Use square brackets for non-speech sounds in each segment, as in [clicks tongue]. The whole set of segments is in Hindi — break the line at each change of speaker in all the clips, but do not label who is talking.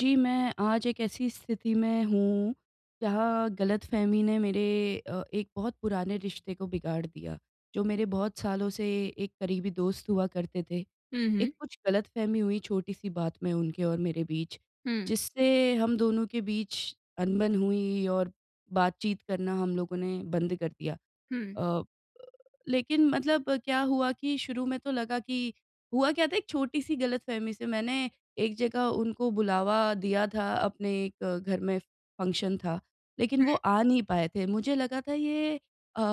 जी मैं, आज एक ऐसी स्थिति में हूँ, जहाँ गलतफहमी ने मेरे अ, एक बहुत पुराने रिश्ते को बिगाड़ दिया। जो मेरे बहुत सालों से एक करीबी दोस्त हुआ करते थे।
हुँ,
एक
हुँ।
कुछ गलतफहमी हुई छोटी-सी बात में उनके और मेरे बीच
हुँ।
जिससे हम दोनों के बीच अनबन हुई और बातचीत करना हम लोगों ने बंद कर दिया।
हुँ।
अ अ, लेकिन मतलब क्या हुआ कि शुरू में तो लगा कि हुआ क्या था एक छोटी-सी गलतफहमी से मैंने एक जगह उनको बुलावा दिया था अपने एक घर में फंक्शन था लेकिन
हुँ।
वो आ नहीं पाए थे। मुझे लगा था ये अ अ,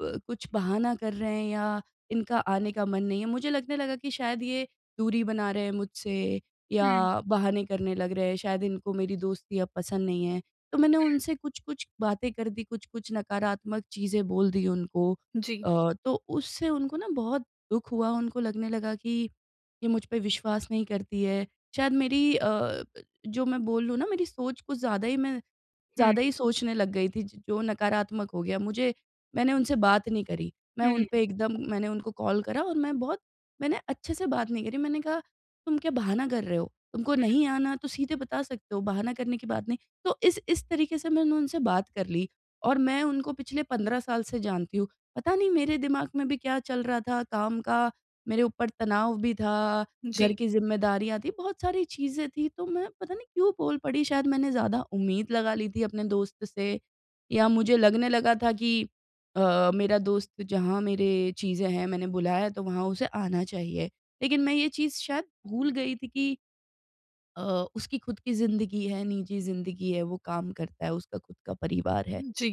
ब कुछ बहाना कर रहे हैं या इनका आने का मन नहीं है, मुझे लगने लगा कि शायद ये दूरी बना रहे हैं मुझसे,
हुँ।
या बहाने करने लग रहे हैं शायद इनको मेरी दोस्ती अब पसंद नहीं है। तो मैंने
हुँ।
उनसे कुछ-कुछ बातें कर दी कुछ-कुछ नकारात्मक चीज़ें बोल दी उनको
जी।
अ, तो उससे उनको ना बहुत दुःख हुआ उनको लगने लगा कि ये मुझ पे विश्वास नहीं करती है। शायद मेरी अ अ, ब जो मैं बोल लूँ ना मेरी सोच कुछ ज़्यादा ही मैं
हुँ।
ज़्यादा ही सोचने लग गई थी ज जो नकारात्मक हो गया मुझे मैंने उनसे बात नहीं करी। मैं उन
हुँ।
पे एकदम मैंने उनको कॉल करा और मैं बहुत मैंने अच्छे से बात नहीं करी मैंने कहा तुम क्या बहाना कर रहे हो? तुमको
हुँ।
नहीं आना तो सीधे बता सकते हो बहाना करने की बात नहीं। तो इस इस तरीके से मैंने उनसे बात कर ली और मैं उनको पिछले 15 साल से जानती हूँ पता नहीं मेरे दिमाग में भी क्या चल रहा था काम का मेरे ऊपर तनाव भी था, घर
जी।
की ज़िम्मेदारियाँ थी बहुत सारी चीज़ें थी तो मैं पता नहीं क्यों बोल पड़ी शायद मैंने ज़्यादा उम्मीद लगा ली थी अपने दोस्त से, या मुझे लगने लगा था कि अ, मेरा दोस्त जहाँ मेरे चीज़ें हैं मैंने बुलाया है तो वहाँ उसे आना चाहिए। लेकिन मैं ये चीज़ शायद भूल गई थी कि अ, उसकी खुद की ज़िन्दगी है, निजी ज़िन्दगी है वो काम करता है, उसका खुद का परिवार है।
उम, जी,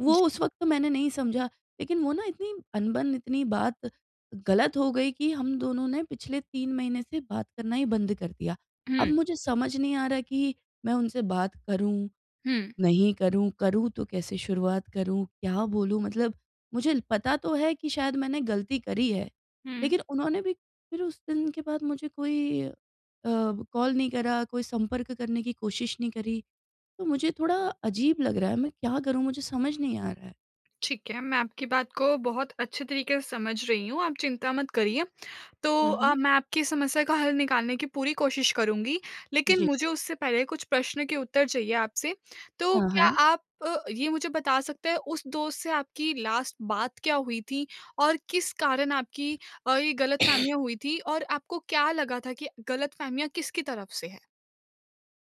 वो
जी।
उस वक्त तो मैंने नहीं समझा, लेकिन वो ना इतनी अनबन इतनी बात गलत हो गई कि हम दोनों ने पिछले 3 महीने से बात करना ही बंद कर दिया। अब
हुँ।
मुझे समझ नहीं आ रहा कि मैं उनसे बात करूँ,
हुँ।
नहीं करूँ? करूँ तो कैसे शुरुआत करूँ, क्या बोलूँ? मतलब मुझे पता तो है कि शायद मैंने गलती करी है,
हुँ।
लेकिन उन्होंने भी फिर उस दिन के बाद मुझे कोई अ, कॉल नहीं करा कोई संपर्क करने की कोशिश नहीं करी। तो मुझे थोड़ा अजीब लग रहा है, मैं क्या करूँ मुझे समझ नहीं आ रहा है?
ठीक है, मैं आपकी बात को बहुत अच्छे तरीके से समझ रही हूँ आप चिंता मत करिए। तो
हुँ, हुँ।
अ, मैं आपकी समस्या का हल निकालने की पूरी कोशिश करूँगी लेकिन
जी।
मुझे उससे पहले कुछ प्रश्न के उत्तर चाहिए आपसे। तो
हाँ,
क्या
हाँ।
आप अ, ये मुझे बता सकते हैं उस दोस्त से आपकी लास्ट बात क्या हुई थी? और किस कारण आपकी अ, ये गलतफहमियाँ हुई थी और आपको क्या लगा था कि गलतफहमियाँ किसकी तरफ से है?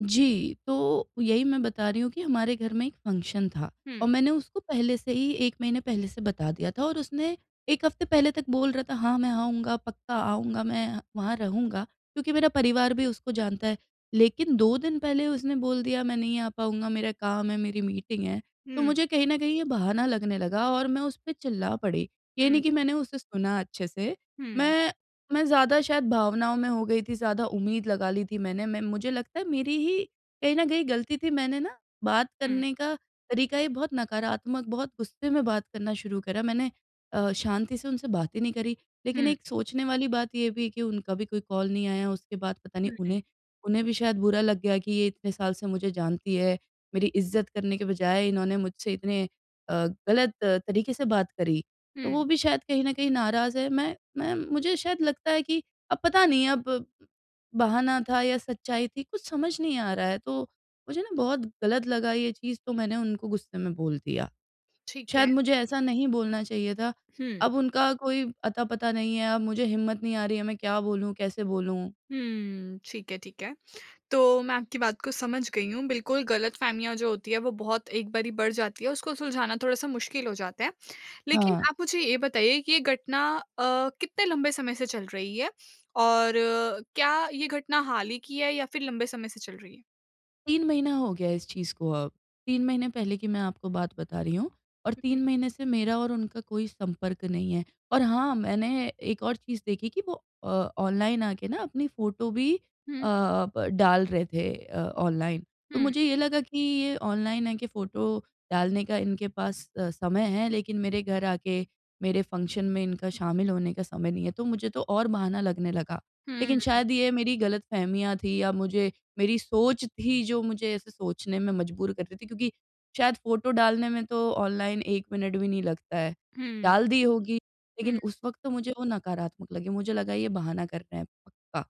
जी, तो यही मैं बता रही हूँ कि हमारे घर में एक फंक्शन था, और
हुँ।
मैंने उसको पहले से ही 1 महीने पहले से बता दिया था। और उसने 1 हफ्ते पहले तक बोल रहा था, "हाँ मैं आऊँगा, पक्का आऊँगा मैं, वहाँ रहूँगा।" क्योंकि मेरा परिवार भी उसको जानता है लेकिन 2 दिन पहले उसने बोल दिया, "मैं नहीं आ पाऊँगा मेरा काम है मेरी मीटिंग है" तो
हुँ।
मुझे कहीं न कहीं ये बहाना लगने लगा और मैं उस पे चिल्ला पड़ी। ये
हुँ।
नहीं कि मैंने उसे सुना अच्छे से
हुँ।
मैं मैं ज़्यादा शायद भावनाओं में हो गई थी ज़्यादा उम्मीद लगा ली थी मैंने, मैं मुझे लगता है मेरी ही कहीं न कहीं गलती थी मैंने ना, बात
हुँ।
करने का तरीका ही बहुत नकारात्मक बहुत गुस्से में बात करना शुरू करा। मैंने अ, शांति से उनसे बात ही नहीं करी। लेकिन
हुँ।
एक सोचने वाली बात ये भी है कि उनका भी कोई कॉल नहीं आया उसके बाद पता नहीं
हुँ, हुँ।
उन्हें उन्हें भी शायद बुरा लग गया कि ये इतने साल से मुझे जानती है, मेरी इज़्ज़त करने के बजाए इन्होंने मुझसे इतने अ, गलत तरीके से बात करी। तो वो
हुँ।
भी शायद कहीं ना कहीं नाराज़ है, मैं मैं मुझे शायद लगता है कि अब पता नहीं अब बहाना था या सच्चाई थी कुछ समझ नहीं आ रहा है तो मुझे ना बहुत गलत लगा ये चीज़ तो मैंने उनको गुस्से में बोल दिया।
ठीक है।
शायद मुझे ऐसा नहीं बोलना चाहिए था,
हुँ।
अब उनका कोई अता-पता नहीं है अब मुझे हिम्मत नहीं आ रही है, मैं क्या बोलूँ कैसे बोलूँ?
हुँ, ठीक है, ठीक है। तो मैं आपकी बात को समझ गई हूँ, बिल्कुल गलतफहमियाँ जो होती है वो बहुत एक बारी बढ़ जाती है उसको सुलझाना थोड़ा सा मुश्किल हो जाता है। लेकिन
हाँ।
आप मुझे ये बताइए कि ये घटना अ, कितने लंबे समय से चल रही है? और क्या ये घटना हाल ही की है या फिर लंबे समय से चल रही है?
3 महीना हो गया इस चीज़ को अब। 3 महीने पहले की मैं आपको बात बता रही हूँ, और
हुँ, हुँ।
3 महीने से मेरा और उनका कोई संपर्क नहीं है। और हाँ, मैंने एक और चीज़ देखी कि वो अ, ऑनलाइन आके ना अपनी फ़ोटो भी अ
हुँ।
अ, ब डाल रहे थे अ, ऑनलाइन। तो
हुँ।
मुझे ये लगा कि ये ऑनलाइन आके फ़ोटो डालने का इनके पास अ, समय है लेकिन मेरे घर आके, मेरे फ़ंक्शन में इनका शामिल होने का समय नहीं है तो मुझे तो और बहाना लगने लगा। लेकिन
हुँ।
शायद ये मेरी ग़लतफ़हमियाँ थी या मुझे मेरी सोच थी जो मुझे ऐसे सोचने में मजबूर कर रही थी क्योंकि शायद फ़ोटो डालने में तो ऑनलाइन एक मिनट भी नहीं लगता है,
हुँ।
डाल दी होगी, लेकिन
हुँ।
उस वक्त तो मुझे वो नकारात्मक लगी मुझे लगा ये बहाना कर रहे हैं पक्का।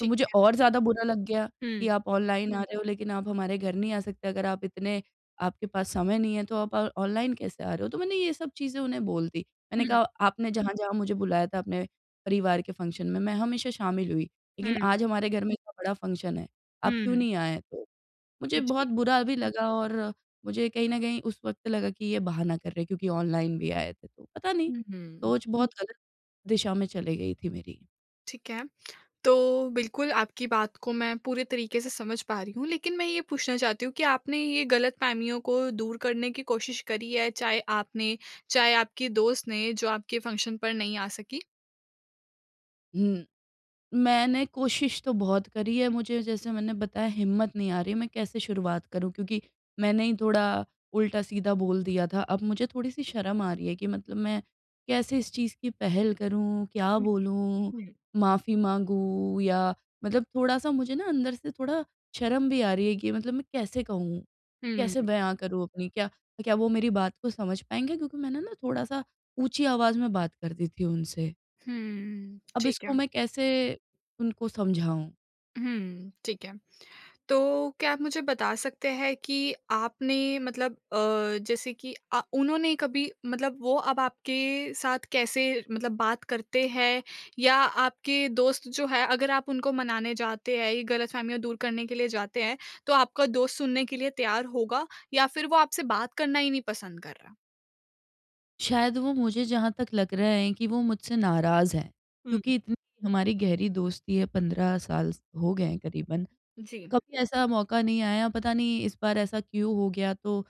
तो मुझे
है।
और ज़्यादा बुरा लग गया कि
हुँ।
आप ऑनलाइन आ रहे हो लेकिन आप हमारे घर नहीं आ सकते अगर आप इतने आपके पास समय नहीं है तो आप अ, ऑनलाइन कैसे आ रहे हो तो मैंने ये सब चीज़ें उन्हें बोल दी। मैंने
हुँ।
कहा आपने जहाँ-जहाँ मुझे बुलाया था अपने परिवार के फ़ंक्शन में मैं हमेशा शामिल हुई, लेकिन
हुँ।
आज हमारे घर में इतना बड़ा फ़ंक्शन है, आप क्यों
हुँ।
नहीं आए? मुझे
जी।
बहुत बुरा भी लगा और मुझे कहीं न कहीं उस वक्त लगा कि ये बहाना कर रहे हैं क्योंकि ऑनलाइन भी आए थे तो पता नहीं,
हुँ, हुँ।
सोच बहुत ग़लत दिशा में चली गई थी मेरी।
ठीक है। तो बिल्कुल आपकी बात को मैं पूरे तरीक़े से समझ पा रही हूँ। लेकिन मैं ये पूछना चाहती हूँ कि आपने ये ग़लतफ़हमियों को दूर करने की कोशिश करी है? चाहे आपने, चाहे आपके दोस्त ने जो आपके फ़ंक्शन पर नहीं आ सकीं?
हुँ। मैंने कोशिश तो बहुत करी है। मुझे जैसे मैंने बताया हिम्मत नहीं आ रही है, मैं कैसे शुरुआत करूँ क्योंकि मैंने ही थोड़ा उल्टा-सीधा बोल दिया था। अब मुझे थोड़ी-सी शर्म आ रही है कि मतलब मैं कैसे इस चीज़ की पहल करूँ? क्या
हुँ।
बोलूँ?
हुँ।
माफ़ी माँगूँ? या मतलब थोड़ा-सा मुझे ना अंदर से थोड़ा शर्म भी आ रही है कि मतलब मैं कैसे कहूँ?
हुँ,
कैसे
हुँ।
बयान करूँ अपनी क्या क्या वो मेरी बात को समझ पाएँगे? क्योंकि मैंने ना थोड़ा-सा ऊँची आवाज़ में बात कर दी थी उनसे।
हुँ, [clicks tongue]
अब
ठीक है।
इसको मैं कैसे उनको समझाऊँ?
हुँ, ठीक है। तो क्या आप मुझे बता सकते हैं कि आपने मतलब अ, जैसे कि अ, उन्होंने कभी मतलब वो अब आपके साथ कैसे मतलब बात करते हैं? या आपके दोस्त जो है अगर आप उनको मनाने जाते हैं, ये ग़लतफ़हमियाँ दूर करने के लिए जाते हैं, तो आपका दोस्त सुनने के लिए तैयार होगा? या फिर वो आपसे बात करना ही नहीं पसंद कर रहा?
शायद वो मुझे जहाँ तक लग रहा हैं कि वो मुझसे नाराज़ हैं
हुँ।
क्योंकि इतनी हमारी गहरी दोस्ती है, 15 साल हो गए हैं क़रीबन।
जी।
कभी ऐसा मौक़ा नहीं आया पता नहीं इस बार ऐसा क्यों हो गया तो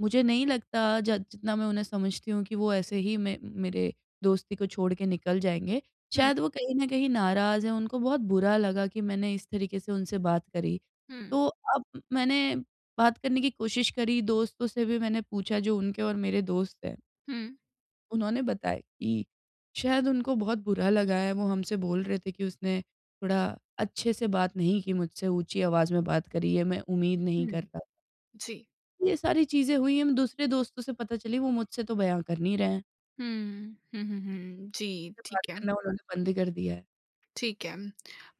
मुझे नहीं लगता ज जितना मैं उन्हें समझती हूँ कि वो ऐसे ही मैं मेरे दोस्ती को छोड़ के निकल जाएँगे।
हुँ।
शायद वो कहीं न कहीं नाराज़ हैं, उनको बहुत बुरा लगा कि मैंने इस तरीक़े से उनसे बात करी।
हुँ।
तो अब मैंने बात करने की कोशिश करी दोस्तों से भी मैंने पूछा जो उनके और मेरे दोस्त हैं
हुँ।
उन्होंने बताया कि शायद उनको बहुत बुरा लगा है वो हमसे बोल रहे थे कि उसने थोड़ा अच्छे से बात नहीं की मुझसे, ऊँची आवाज़ में बात करी है मैं उम्मीद नहीं
हुँ,
करता।
जी।
ये सारी चीज़ें हुई हैं हम दूसरे दोस्तों से पता चली वो मुझसे तो बयाँ कर नहीं रहे हैं।
हुँ। हुँ, हुँ, हुँ। जी,
मुझसे बात
ठीक है।
करना उन्होंने बंद ही कर दिया है।
ठीक है।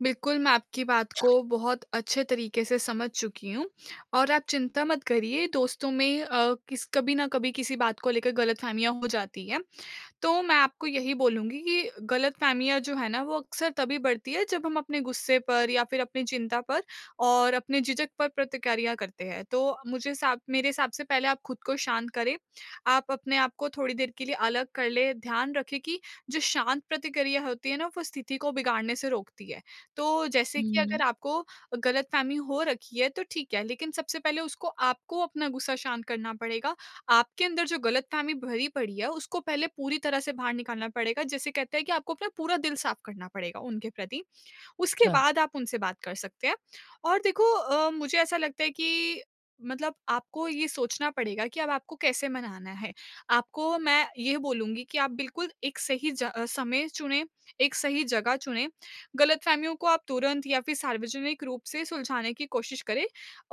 बिल्कुल मैं आपकी बात को बहुत अच्छे तरीक़े से समझ चुकी हूँ और आप चिंता मत करिए दोस्तों में अ, किस कभी न कभी किसी बात को लेकर ग़लतफ़हमियाँ हो जाती है, तो मैं आपको यही बोलूँगी कि ग़लतफ़हमियाँ जो है ना वो अक्सर तभी बढ़ती है जब हम अपने ग़ुस्से पर या फिर अपनी चिंता पर और अपने झिझक पर प्रतिक्रिया करते हैं। तो मुझे सा मेरे हिसाब से पहले आप ख़ुद को शांत करें। आप अपने आपको थोड़ी देर के लिए अलग कर लें, ध्यान रखें कि जो शांत प्रतिक्रिया होती है ना वो स्थिति को बिगाड़ने से रोकती है। तो जैसे कि
हुँ।
अगर आपको ग़लतफ़हमी हो रखी है तो ठीक है, लेकिन सबसे पहले उसको आपको अपना ग़ुस्सा शांत करना पड़ेगा, आपके अंदर जो ग़लतफ़हमी भरी पड़ी है, उसको पहले पूरी तरह से बाहर निकालना पड़ेगा जैसे कहते हैं कि आपको अपना पूरा दिल साफ़ करना पड़ेगा उनके प्रति। उसके
अच्छा।
बाद आप उनसे बात कर सकते हैं और देखो अ, मुझे ऐसा लगता है कि मतलब आपको ये सोचना पड़ेगा कि अब आपको कैसे मनाना है? आपको मैं ये बोलूँगी कि आप बिल्कुल एक सही ज समय चुनें, एक सही जगह चुनें, ग़लतफ़हमियों को आप तुरंत या फिर सार्वजनिक रूप से सुलझाने की कोशिश करें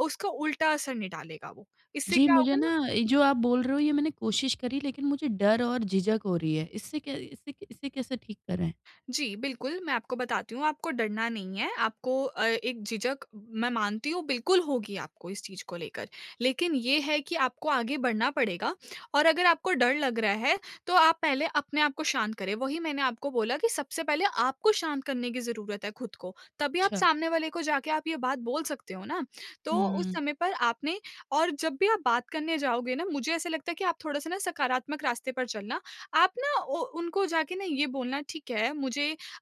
उसका उल्टा असर नहीं डालेगा वो। इससे
जी,
क्या
मुझे
होगा ना
ना जो आप बोल रहे हो ये मैंने कोशिश करी लेकिन मुझे डर और झिझक हो रही है। इससे कै इसे इसे कैसे ठीक करें?
जी। बिल्कुल, मैं आपको बताती हूँ आपको डरना नहीं है आपको अ, एक झिझक मैं मानती हूँ बिल्कुल होगी आपको इस चीज़ को लेकर। लेकिन ये है कि आपको आगे बढ़ना पड़ेगा और अगर आपको डर लग रहा है, तो आप पहले अपने आप को शांत करें, वही मैंने आपको बोला कि सबसे पहले आपको शांत करने की ज़रूरत है ख़ुद को, तभी आप
अच्छा।
सामने वाले को जाके आप ये बात बोल सकते हो ना। तो
हुँ,
उस
हुँ।
समय पर आपने और जब भी आप बात करने जाओगे ना मुझे ऐसा लगता है कि आप थोड़ा-सा ना सकारात्मक रास्ते पर चलना आप ना ओ उनको जाके ना ये बोलना ठीक है मुझे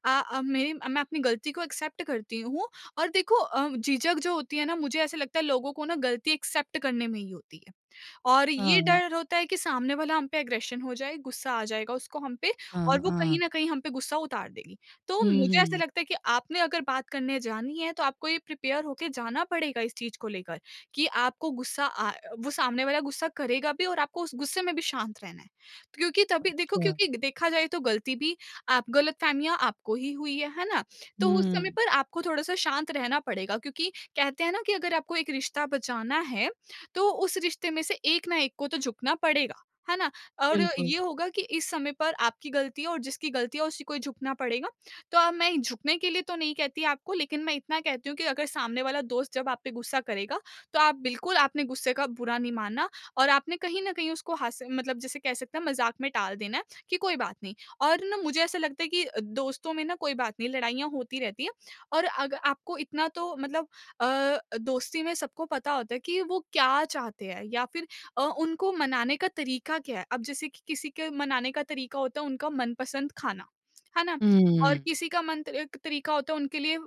अ अ, मेरी मैं अपनी ग़लती को एक्सेप्ट करती हूँ और देखो अ, झिझक जो होती है ना मुझे ऐसा लगता है लोगों को ना ग़लती एक्सेप्ट करने में ही होती है और ये
हाँ।
डर होता है कि सामने वाला हम पे एग्रेशन हो जाए, ग़ुस्सा आ जाएगा उसको हम पे और
हाँ,
वो कहीं
हाँ।
न कहीं हम पे ग़ुस्सा उतार देगी। तो
हुँ,
मुझे ऐसा
हुँ।
लगता है कि आपने अगर बात करने जानी है तो आपको ये प्रिपेयर होके जाना पड़ेगा इस चीज़ को लेकर कि आपको ग़ुस्सा अ वो सामने वाला ग़ुस्सा करेगा भी और आपको उस ग़ुस्से में भी शांत रहना है क्योंकि तभी देखो
अच्छा।
क्योंकि देखा जाए तो ग़लती भी आप ग़लतफ़हमियाँ आपको ही हुई है, है ना? तो उस समय
हुँ।
पर आपको थोड़ा-सा शांत रहना पड़ेगा क्योंकि कहते हैं ना कि अगर आपको एक रिश्ता बचाना है, तो उस रिश्ते में से एक ना एक को तो झुकना पड़ेगा। है ना? और
बिल्कुल।
ये होगा कि इस समय पर आपकी ग़लती और जिसकी ग़लती है उसी को झुकना पड़ेगा। तो अब मैं झुकने के लिए तो नहीं कहती आपको लेकिन मैं इतना कहती हूँ कि अगर सामने वाला दोस्त जब आप पे ग़ुस्सा करेगा, तो आप बिल्कुल आपने ग़ुस्से का बुरा नहीं मानना और आपने कहीं न कहीं उसको हास मतलब जैसे कह सकते हैं मज़ाक में टाल देना है कि कोई बात नहीं और ना मुझे ऐसा लगता है कि दोस्तों में ना कोई बात नहीं लड़ाइयाँ होती रहती है और अग आपको इतना तो मतलब अ, दोस्ती में सबको पता होता है कि वो क्या चाहते हैं या फिर अ, उनको मनाने का तरीक़ा क्या है? अब जैसे कि किसी के मनाने का तरीक़ा होता है उनका मनपसंद खाना। है ना? और
हुँ।
किसी के मन त क तरीक़ा होता है उनके लिए अ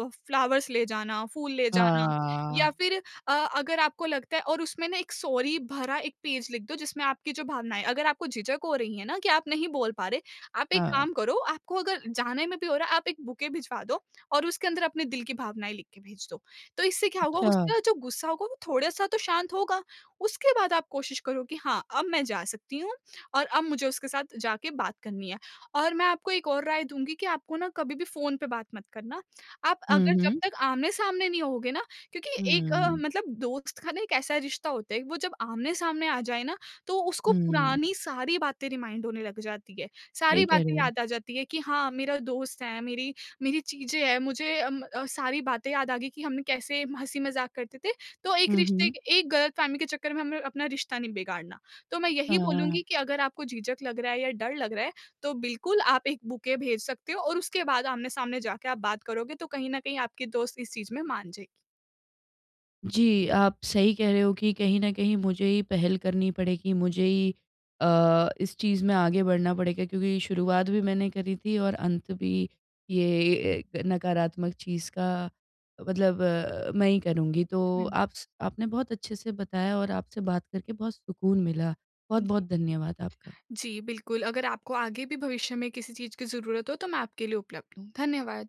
अ, फ्लावर्स ले जाना फूल ले जाना या
हाँ।
फिर अ, अगर आपको लगता है और उसमें ना एक सॉरी भरा एक पेज लिख दो जिसमें आपकी जो भावनाएँ हैं, अगर आपको झिझक हो रही है ना कि आप नहीं बोल पा रहे, आप एक
हाँ।
काम करो आपको अगर जाने में भी हो रहा है आप एक बुके भिजवा दो और उसके अंदर अपने दिल की भावनाएँ लिख के भेज दो। तो इससे क्या होगा
अच्छा।
उसका जो ग़ुस्सा होगा वो थोड़ा-सा तो शांत होगा। उसके बाद आप कोशिश करो कि हाँ अब मैं जा सकती हूँ और अब मुझे उसके साथ जाके बात करनी है और मैं आपको एक और राय दूँगी कि आपको ना कभी भी फ़ोन पे बात मत करना, आप
हुँ,
अगर जब
हुँ।
तक आमने-सामने नहीं होगे ना क्योंकि एक
हुँ।
मतलब दोस्त का ना एक ऐसा रिश्ता होता है वो जब आमने-सामने आ जाए ना, तो उसको
हुँ।
पुरानी सारी बातें रिमाइंड होने लग जाती है। सारी
सही कह रहे
बातें
हो।
याद आ जाती है कि हाँ मेरा दोस्त है, मेरी मेरी चीज़ें हैं मुझे अम अ, सारी बातें याद आ गई कि हमने कैसे हँसी-मज़ाक करते थे, तो एक
हुँ,
रिश्ते
हुँ।
क एक ग़लतफ़हमी के चक्कर में हमें अपना रिश्ता नहीं बिगाड़ना, तो मैं
हाँ,
यही बोलूँगी
हाँ।
कि अगर आपको झिझक लग रहा है या डर लग रहा है, तो बिल्कुल आप एक बुके भेज सकते हो और उसके बाद आमने-सामने जाके आप बात करोगे तो कहीं न कहीं आपके दोस्त इस चीज़ में मान जाएगी।
जी, आप सही कह रहे हो कि कहीं न कहीं मुझे ही पहल करनी पड़ेगी मुझे ही अ, इस चीज़ में आगे बढ़ना पड़ेगा क्योंकि शुरुआत भी मैंने करी थी और अंत भी ये एक नकारात्मक चीज़ का मतलब मैं ही करूँगी। तो
हुँ।
आप स आपने बहुत अच्छे से बताया और आपसे बात करके बहुत सुकून मिला। बहुत-बहुत धन्यवाद आपका।
जी, बिल्कुल अगर आपको आगे भी भविष्य में किसी चीज़ की ज़रूरत हो तो मैं आपके लिए उपलब्ध हूँ। धन्यवाद।